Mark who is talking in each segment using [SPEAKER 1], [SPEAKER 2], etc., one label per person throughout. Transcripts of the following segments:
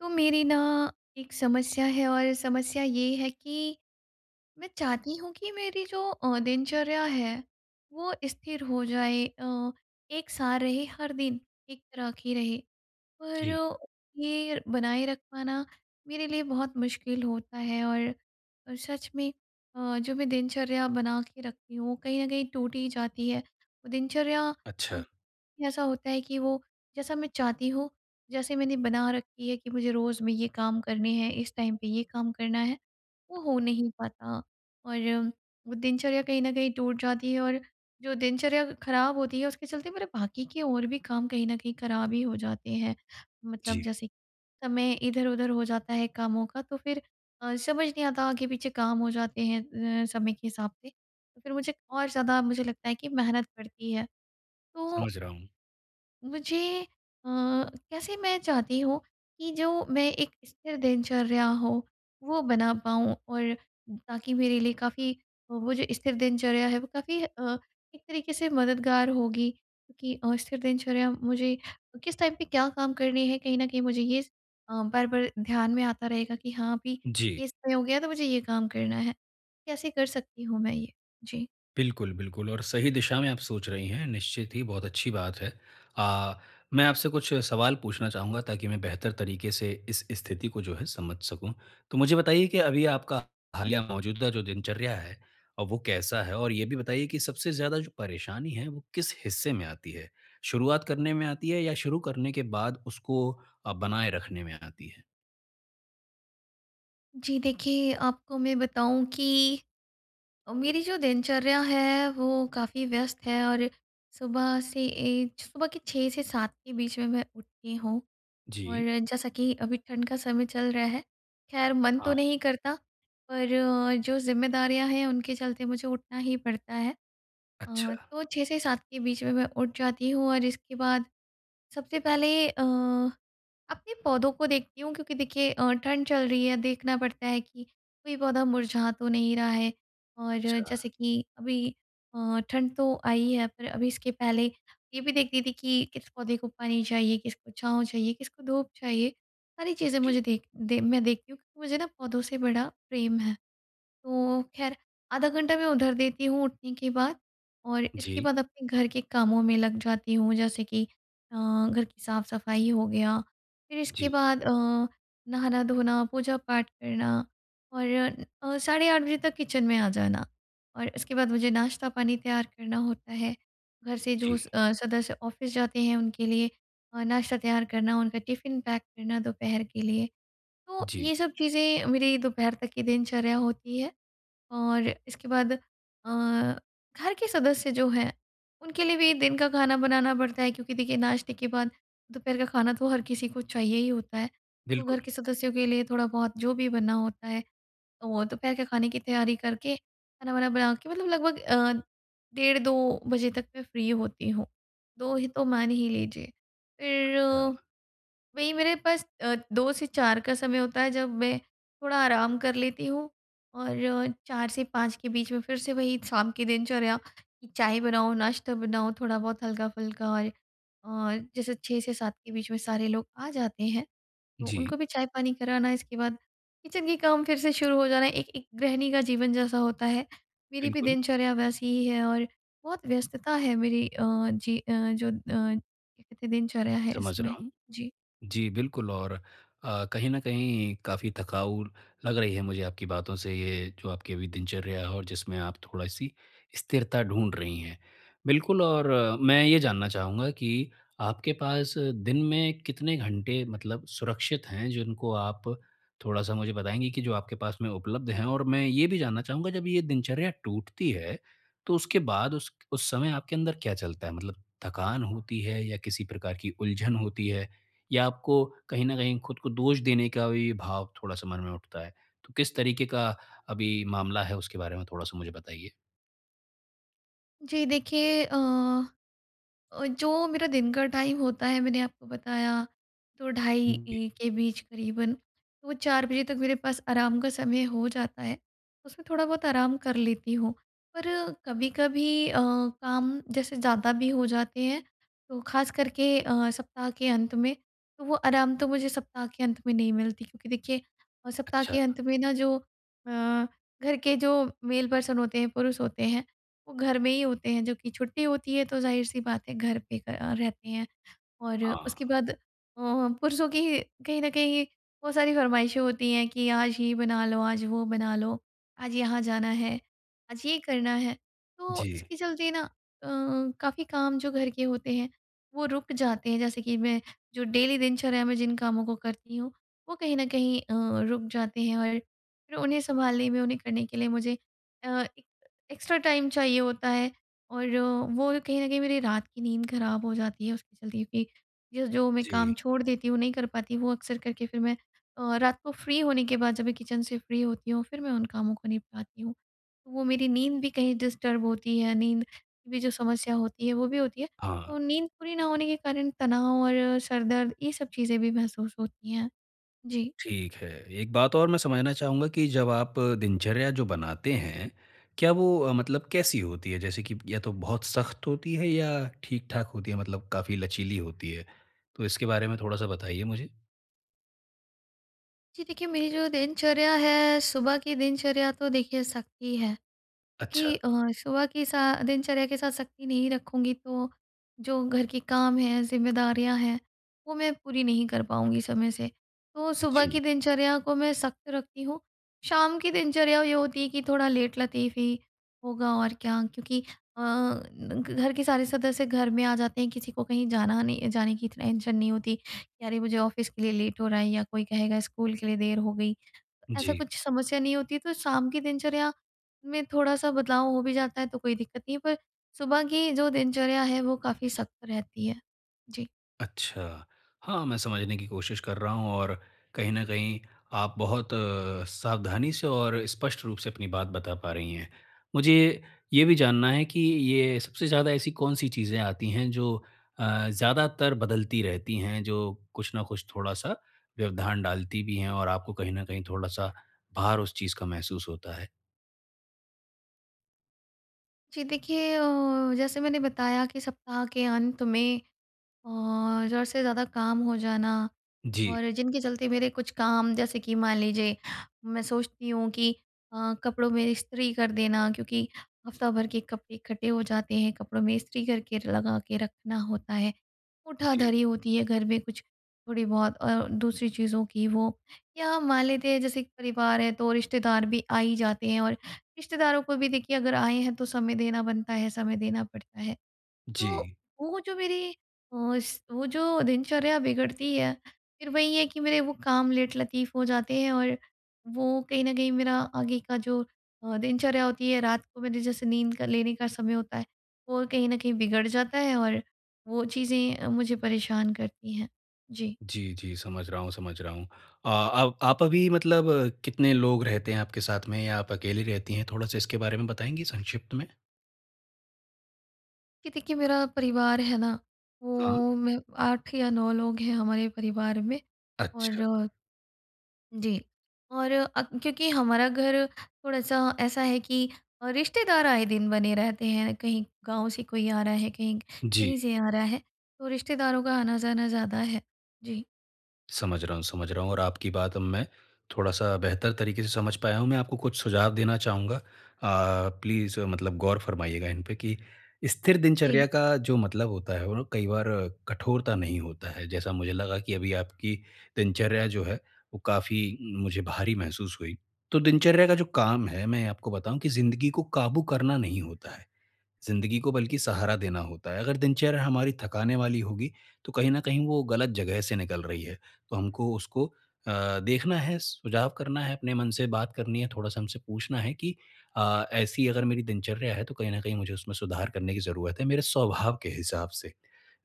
[SPEAKER 1] तो मेरी ना एक समस्या है और समस्या ये है कि, मैं चाहती हूँ कि मेरी जो अ, दिनचर्या है, वो स्थिर हो जाए अ, एक-सा रहे, हर दिन एक तरह की रहे।
[SPEAKER 2] जी।
[SPEAKER 1] पर ये बनाए रख पाना मेरे लिए बहुत मुश्किल होता है और और सच में अ, जो मैं दिनचर्या बना के रखती हूँ, कहीं न कहीं टूट ही जाती है। दिनचर्या अ,
[SPEAKER 2] अच्छा।
[SPEAKER 1] ऐसा होता है कि वो जैसा मैं चाहती हूँ, जैसे मैंने बना रखी है कि मुझे रोज़ में ये काम करने है, इस टाइम पे ये काम करना है, वो हो नहीं पाता और वो दिनचर्या कहीं न कहीं टूट जाती है और जो दिनचर्या खराब होती है, उसके चलते मेरे बाकी के और भी काम कहीं न कहीं खराब ही हो जाते हैं। मतलब
[SPEAKER 2] जी।
[SPEAKER 1] जैसे समय इधर-उधर हो जाता है कामों का, तो फिर अ, समझ नहीं आता, आगे पीछे काम हो जाते हैं अ, समय के हिसाब से, तो फिर मुझे और ज़्यादा मुझे लगता है कि मेहनत पड़ती है। तो,
[SPEAKER 2] समझ रहा हूँ।
[SPEAKER 1] मुझे अ, कैसे मैं चाहती हूँ कि जो मैं एक स्थिर दिनचर्या हो, वो बना पाऊँ और ताकि मेरे लिए काफ़ी वो जो स्थिर दिनचर्या है, वो काफ़ी अ, एक तरीके से मददगार होगी क्योंकि अ, स्थिर दिनचर्या मुझे किस टाइम पे क्या काम करने हैं, कहीं न कहीं मुझे ये स अ, बार-बार ध्यान में आता रहेगा कि हाँ, अभी
[SPEAKER 2] जी।
[SPEAKER 1] ये सही हो गया, तो मुझे ये काम करना है। कैसे कर सकती हूँ मैं ये? जी।
[SPEAKER 2] बिल्कुल, बिल्कुल और सही दिशा में आप सोच रही हैं। निश्चित ही बहुत अच्छी बात है। अ, मैं आपसे कुछ सवाल पूछना चाहूँगा ताकि मैं बेहतर तरीक़े से इस स्थिति को जो है समझ सकूँ। तो मुझे बताइए कि अभी आपका हालिया मौजूदा जो दिनचर्या है। अ, वो कैसा है? और ये भी बताइए कि सबसे ज़्यादा जो परेशानी है। वो किस हिस्से में आती है? शुरुआत करने में आती है या शुरू करने के बाद उसको अ, बनाए रखने में आती है।
[SPEAKER 1] जी। देखिए, आपको मैं बताऊँ कि अ, मेरी जो दिनचर्या है वो काफ़ी व्यस्त है और सुबह से ऐज सुबह के 6 से 7 के बीच में मैं उठती हूँ। और
[SPEAKER 2] जी।
[SPEAKER 1] जैसा कि अभी ठंड का समय चल रहा है ख़ैर मन तो
[SPEAKER 2] हाँ।
[SPEAKER 1] नहीं करता पर जो ज़िम्मेदारियाँ हैं उनके चलते मुझे उठना ही पड़ता है। अ,
[SPEAKER 2] अच्छा।
[SPEAKER 1] तो 6 से 7 के बीच में मैं उठ जाती हूँ और इसके बाद सबसे पहले अ, अपने पौधों को देखती हूँ क्योंकि देखिए अ, ठंड चल रही है देखना पड़ता है कि कोई पौधा मुरझा तो नहीं रहा है। और
[SPEAKER 2] अच्छा।
[SPEAKER 1] जैसे कि अभी अ, ठंड तो आई है पर अभी इसके पहले ये भी देखती थी कि किस पौधे को पानी चाहिए? किसको छाँव चाहिए? किसको धूप चाहिए? सारी चीज़ें
[SPEAKER 2] जी।
[SPEAKER 1] मुझे देख दे मैं देखती हूँ क्योंकि मुझे ना पौधों से बड़ा प्रेम है। तो ख़ैर आधा घंटा मैं उधर देती हूँ उठने के बाद और इसके
[SPEAKER 2] जी।
[SPEAKER 1] बाद अपने घर के कामों में लग जाती हूँ जैसे कि अ, घर की साफ-सफाई हो गया फिर इसके
[SPEAKER 2] जी।
[SPEAKER 1] बाद अ, नहाना-धोना, पूजा-पाठ करना और अ, साढ़े 8 बजे तक किचन में आ जाना और इसके बाद मुझे नाश्ता पानी तैयार करना होता है घर से जो
[SPEAKER 2] जी।
[SPEAKER 1] अ, सदस्य ऑफ़िस जाते हैं उनके लिए अ, नाश्ता तैयार करना उनका टिफिन पैक करना दोपहर के लिए। तो
[SPEAKER 2] जी।
[SPEAKER 1] ये सब चीज़ें मेरी दोपहर तक की दिनचर्या होती है और इसके बाद अ, घर के सदस्य जो हैं उनके लिए भी दिन का खाना बनाना पड़ता है क्योंकि देखिए नाश्ते के बाद दोपहर का खाना तो हर किसी को चाहिए ही होता है। तो
[SPEAKER 2] बिल्कुल।
[SPEAKER 1] घर के सदस्यों के लिए थोड़ा-बहुत जो भी बनना होता है तो दोपहर के खाने की तैयारी करके खाना-वाना बना के मतलब लगभग अ, डेढ़ 2 बजे तक मैं फ्री होती हूँ। 2 ही तो मान ही लीजिए फिर,
[SPEAKER 2] अच्छा।
[SPEAKER 1] वही मेरे पास अ, 2 से 4 का समय होता है जब वै थोड़ा आराम कर लेती हूँ और 4 से 5 के बीच में फिर से वही शाम की दिनचर्या चाय बनाओ नाश्ता बनाओ थोड़ा-बहुत हल्का-फुल्का और अ, जैसे 6 से 7 के बीच में सारे लोग आ जाते हैं। तो
[SPEAKER 2] जी।
[SPEAKER 1] उनको भी चाय-पानी कराना इसके बाद किचन के काम फिर से शुरू हो जाना है एक एक गृहिणी का जीवन जैसा होता है मेरी भी
[SPEAKER 2] बिल्कुल।
[SPEAKER 1] दिनचर्या वैसी ही है। और बहुत व्यस्तता है मेरी अ, जी अ, जो अ, क्या कहते है दिनचर्या है
[SPEAKER 2] समझ रहा
[SPEAKER 1] इसमें।
[SPEAKER 2] हूँ।
[SPEAKER 1] जी।
[SPEAKER 2] जी, बिल्कुल और अ, कहीं न कहीं काफ़ी थकाऊ लग रही है मुझे आपकी बातों से, ये जो आपकी दिनचर्या है और जिसमें आप थोड़ी-सी स्थिरता ढूँढ रही हैं। बिल्कुल और मैं ये जानना चाहूँगा कि आपके पास दिन में कितने घंटे मतलब सुरक्षित हैं, जिनको आप थोड़ा-सा मुझे बताएँगी कि जो आपके पास में उपलब्ध हैं और मैं ये भी जानना चाहूँगा जब ये दिनचर्या टूटती है, तो उसके बाद उस उस समय आपके अंदर क्या चलता है? मतलब थकान होती है या किसी प्रकार की उलझन होती है, या आपको कहीं न कहीं खुद को दोष देने का भी भाव थोड़ा-सा मन में उठता है। तो किस तरीक़े का अभी मामला है उसके बारे में थोड़ा-सा मुझे बताइए?
[SPEAKER 1] जी, देखिए अ अ, जो मेरा दिन का टाइम होता है, मैंने आपको बताया, तो ढाई
[SPEAKER 2] हुँ, जी।
[SPEAKER 1] 1 के बीच करीबन, वो 4 बजे तक मेरे पास आराम का समय हो जाता है। उसमें थोड़ा-बहुत आराम कर लेती हूँ। पर कभी-कभी अ, काम जैसे ज़्यादा भी हो जाते हैं, तो खासकर के अ, सप्ताह के अंत में, तो वो आराम तो मुझे सप्ताह के अंत में नहीं मिलती क्योंकि देखिए अ, सप्ताह
[SPEAKER 2] अच्छा।
[SPEAKER 1] के अंत में ना, जो अ, घर के जो मेल पर्सन होते हैं, पुरुष होते हैं, वो घर में ही होते हैं, जो कि छुट्टी होती है, तो ज़ाहिर-सी बात है, घर पे क अ, रहते हैं और उसके
[SPEAKER 2] हाँ।
[SPEAKER 1] बाद अ, पुरुषों की कहीं न कहीं बहुत सारी फ़रमाइशें होती हैं कि आज ये बना लो, आज वो बना लो, आज यहाँ जाना है, आज ये करना है। तो
[SPEAKER 2] जी।
[SPEAKER 1] इसके चलते ना अ, काफ़ी काम जो घर के होते हैं, वो रुक जाते हैं। जैसे कि मैं जो डेली दिनचर्या में जिन कामों को करती हूँ, वो कहीं न कहीं अ, रुक जाते हैं और फिर उन्हें सँभालने में, उन्हें करने के लिए मुझे अ, एक एक्स्ट्रा टाइम चाहिए होता है और वो कहीं न कहीं मेरी रात की नींद खराब हो जाती है, उसके चलते भी। जो-जो मैं काम
[SPEAKER 2] जी
[SPEAKER 1] छोड़ देती हूँ, नहीं कर पाती, वो अक्सर करके फिर मैं अ, रात को फ्री होने के बाद, जब मैं किचन से फ्री होती हूँ, फिर मैं उन कामों को निपटाती हूँ। तो वो मेरी नींद भी कहीं डिस्टर्ब होती है, नींद भी जो समस्या होती है, वो भी होती है।
[SPEAKER 2] हाँ
[SPEAKER 1] तो नींद पूरी ना होने के कारण तनाव और सर दर्द, ये सब चीज़ें भी महसूस होती हैं। जी।
[SPEAKER 2] ठीक है। एक बात और मैं समझना चाहूँगा कि जब आप दिनचर्या जो बनाते हैं, क्या वो अ, मतलब कैसी होती है? जैसे कि या तो बहुत सख्त होती है या ठीक-ठाक होती है, मतलब काफ़ी लचीली होती है, तो इसके बारे में थोड़ा-सा बताइए मुझे।
[SPEAKER 1] जी, देखिए मेरी जो दिनचर्या है सुबह की दिनचर्या तो देखिए सख्त ही है।
[SPEAKER 2] अच्छा।
[SPEAKER 1] क्योंकि अ, सुबह की सा दिनचर्या के साथ सख्ती नहीं रखूँगी तो जो घर के काम हैं, ज़िम्मेदारियाँ हैं, वो मैं पूरी नहीं कर पाऊँगी समय से। तो सुबह की
[SPEAKER 2] जी।
[SPEAKER 1] दिनचर्या को मैं सख्त रखती हूँ। शाम की दिनचर्या ये होती है कि थोड़ा लेट लतीफ़ ही होगा और क्या। क्योंकि अ, घ घर के सारे सदस्य घर में आ जाते हैं किसी को कहीं जाना नहीं जाने की तो टेंशन नहीं होती। अरे मुझे ऑफिस के लिए लेट हो रहा है या कोई कहेगा स्कूल के लिए देर हो गई। ऐसा
[SPEAKER 2] जी।
[SPEAKER 1] कुछ समस्या नहीं होती है, तो शाम की दिनचर्या में थोड़ा-सा बदलाव हो भी जाता है तो कोई दिक्कत नहीं है। पर सुबह की जो दिनचर्या है वो काफ़ी सख्त रहती है। जी।
[SPEAKER 2] अच्छा। हाँ, मैं समझने की कोशिश कर रहा हूँ और, कहीं न कहीं आप बहुत अ, सावधानी से और स्पष्ट रूप से अपनी बात बता पा रही हैं। मुझे, ये भी जानना है कि ये सबसे ज़्यादा ऐसी कौन-सी चीज़ें आती हैं जो अ, ज़्यादातर बदलती रहती हैं, जो कुछ न कुछ थोड़ा-सा व्यवधान डालती भी हैं और आपको कहीं न कहीं थोड़ा-सा भार उस चीज़ का महसूस होता है?
[SPEAKER 1] जी। देखिए, अ, जैसे मैंने बताया कि सप्ताह के अंत में और ज़रूरत से ज़्यादा काम हो जाना।
[SPEAKER 2] जी।
[SPEAKER 1] और जिनके चलते मेरे कुछ काम जैसे कि मान लीजिए मैं सोचती हूँ कि अ, कपड़ों में इस्त्री कर देना क्योंकि हफ़्ता भर के कपड़े इकट्ठे हो जाते हैं कपड़ों में इस्त्री करके लगा के रखना होता है।
[SPEAKER 2] जी।
[SPEAKER 1] उठाधरी होती है घर में कुछ थोड़ी बहुत और दूसरी चीज़ों की वो। या मान लेते हैं जैसे परिवार है तो रिश्तेदार भी आ ही जाते हैं और रिश्तेदारों को भी देखिए अगर आए हैं तो समय देना बनता है, समय देना पड़ता है। तो
[SPEAKER 2] जी।
[SPEAKER 1] वो जो मेरी अस वो जो दिनचर्या बिगड़ती है फिर वही है कि मेरे वो काम लेटलतीफ़ हो जाते हैं। और वो कहीं न कहीं मेरा आगे का जो अ, दिनचर्या होती है रात को मेरे जैसे नींद का लेने का समय होता है वो कहीं न कहीं बिगड़ जाता है। और वो चीज़ें मुझे परेशान करती हैं। जी।
[SPEAKER 2] जी, जी। समझ रहा हूँ समझ रहा हूँ। अ, आप आप अभी मतलब कितने लोग रहते हैं आपके साथ में? या आप अकेली रहती हैं? थोड़ा-सा इसके बारे में बताएँगी संक्षिप्त में?
[SPEAKER 1] कि देखिए मेरा परिवार है ना,
[SPEAKER 2] हाँ।
[SPEAKER 1] वो मैं 8 या 9 लोग हैं हमारे परिवार में और
[SPEAKER 2] अच्छा।
[SPEAKER 1] जी। और अप क्योंकि हमारा घर थोड़ा-सा ऐसा है कि रिश्तेदार आए दिन बने रहते हैं। कहीं गाँव से कोई आ रहा है, कहीं क कहीं
[SPEAKER 2] जी।
[SPEAKER 1] से आ रहा है। तो रिश्तेदारों का आना-जाना ज़्यादा है। जी।
[SPEAKER 2] समझ रहा हूँ समझ रहा हूँ और आपकी बात अब मैं थोड़ा-सा बेहतर तरीके से समझ पाया हूँ। मैं आपको कुछ सुझाव देना चाहूँगा। अ, प्लीज़ मतलब गौर फरमाइएगा इनपे कि स्थिर दिनचर्या
[SPEAKER 1] जी।
[SPEAKER 2] का जो मतलब होता है, वो कई बार कठोरता नहीं होता है। जैसा मुझे लगा कि अभी आपकी दिनचर्या जो है, वो काफ़ी उम, मुझे भारी महसूस हुई। तो दिनचर्या का जो काम है, मैं आपको बताऊँ कि ज़िन्दगी को काबू करना नहीं होता है। ज़िन्दगी को बल्कि सहारा देना होता है। अगर दिनचर्या हमारी थकाने वाली होगी, तो कहीं न कहीं वो गलत जगह से निकल रही है। तो हमको उसको अ, देखना है, सुझाव करना है, अपने मन से बात करनी है, थोड़ा-सा हमसे पूछना है कि अ, ऐसी अगर मेरी दिनचर्या है तो कहीं न कहीं मुझे उसमें सुधार करने की जरूरत है, मेरे स्वभाव के हिसाब से।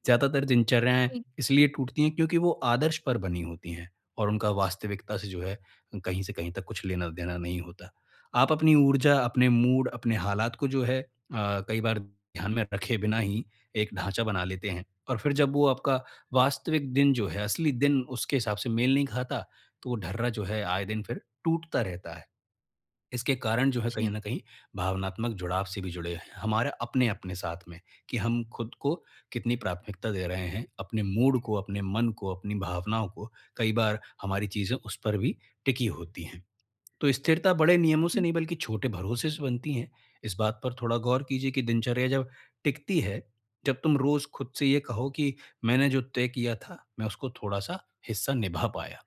[SPEAKER 2] ज़्यादातार दिनचरियाएँ
[SPEAKER 1] जी।
[SPEAKER 2] इसलिए टूटती हैं क्योंकि वो आदर्श पर बनी होती हैं और उनका वास्तविकता से जो है, कहीं से कहीं तक कुछ लेना-देना नहीं होता। आप अपनी ऊर्जा, अपने मूड, अपने हालात को जो है अ, कई बार ध्यान में रखे बिना ही एक ढांचा बना लेते हैं। और फिर जब वो आपका वास्तविक दिन जो है, असली दिन उसके हिसाब से मेल नहीं खाता, तो वो ढर्रा जो है आए दिन फिर टूटता रहता है। इसके कारण जो है कहीं
[SPEAKER 1] जी।
[SPEAKER 2] न कहीं भावनात्मक जुड़ाव से भी जुड़े हैं, हमारे अपने-अपने साथ में। कि हम खुद को कितनी प्राथमिकता दे रहे हैं, अपने मूड को, अपने मन को, अपनी भावनाओं को कई बार हमारी चीज़ें उस पर भी टिकी होती हैं। तो स्थिरता बड़े नियमों से
[SPEAKER 1] जी।
[SPEAKER 2] नहीं बल्कि छोटे भरोसे से बनती है। इस बात पर थोड़ा गौर कीजिए कि दिनचर्या जब टिकती है, जब तुम रोज़ खुद से ये कहो कि मैंने जो तय किया था, मैं उसको थोड़ा-सा हिस्सा निभा पाया।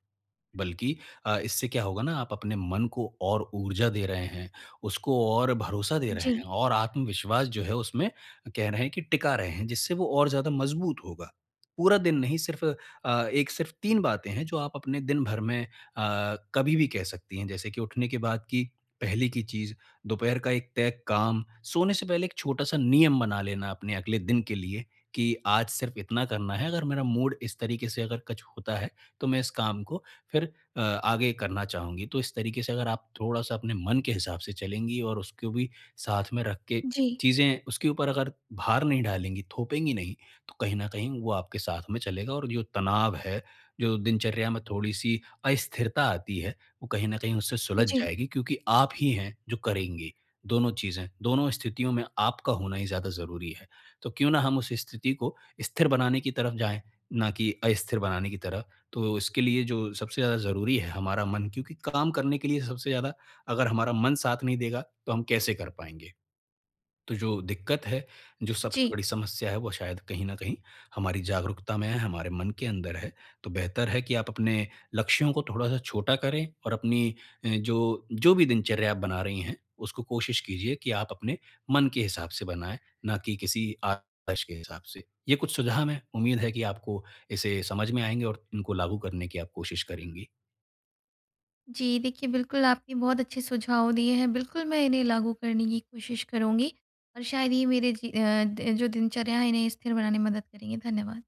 [SPEAKER 2] बल्कि अ, इससे क्या होगा ना आप अपने मन को और ऊर्जा दे रहे हैं, उसको और भरोसा दे रहे
[SPEAKER 1] जी।
[SPEAKER 2] हैं और आत्मविश्वास जो है उसमें कह रहे हैं कि टिका रहे हैं, जिससे वो और ज़्यादा मजबूत होगा। पूरा दिन नहीं सिर्फ़ अ, एक सिर्फ़ 3 बातें हैं जो आप अपने दिन भर में अ, कभी भी कह सकती हैं। जैसे कि उठने के बाद की पहले की चीज़, दोपहर का एक तय काम, सोने से पहले एक छोटा-सा नियम बना लेना अपने अगले दिन के लिए, कि आज सिर्फ इतना करना है, अगर मेरा मूड इस तरीके से अगर कुछ होता है, तो मैं इस काम को फिर अ, आगे करना चाहूँगी। तो इस तरीके से अगर आप थोड़ा-सा अपने मन के हिसाब से चलेंगी और उसको भी साथ में रख के
[SPEAKER 1] जी।
[SPEAKER 2] चीज़ें उसके ऊपर अगर भार नहीं डालेंगी, थोपेंगी नहीं तो कहीं न कहीं वो आपके साथ में चलेगा और जो तनाव है, जो दिनचर्या में थोड़ी सी अस्थिरता आती है, वो कहीं न कहीं उससे सुलझ
[SPEAKER 1] जी।
[SPEAKER 2] जाएगी क्योंकि आप ही हैं जो करेंगे। दोनों चीज़ें, दोनों स्थितियों में आपका होना ही ज़्यादा ज़रूरी है। तो क्यों ना हम उस स्थिति को स्थिर बनाने की तरफ जाए, ना की अस्थिर बनाने की तरफ। तो इसके लिए जो सबसे ज़्यादा ज़रूरी है हमारा मन। क्योंकि काम करने के लिए सबसे ज़्यादा अगर हमारा मन साथ नहीं देगा तो हम कैसे कर पाएँगे। तो जो दिक्कत है, जो सबसे
[SPEAKER 1] जी।
[SPEAKER 2] बड़ी समस्या है वो शायद कहीं न कहीं हमारी जागरूकता में है, हमारे मन के अंदर है। तो बेहतर है कि आप अपने लक्ष्यों को थोड़ा-सा छोटा करें और अपनी जो, जो भी दिनचर्या आप बना रही हैं, उसको कोशिश कीजिए कि आप अपने मन के हिसाब से बनाए, ना कि किसी आदर्श के हिसाब से। ये कुछ सुझाव है। उम्मीद है कि आपको इसे समझ में आएँगे और इनको लागू करने की आप कोशिश करेंगी।
[SPEAKER 1] जी देखिए, बिल्कुल, आपके बहुत अच्छे सुझाव दिए हैं। बिल्कुल, मैं इन्हें लागू करने की कोशिश करुँगी। और शायद ये मेरे जी अ, द जो दिनचर्या है इन्हें स्थिर बनाने में मदद करेंगे। धन्यवाद।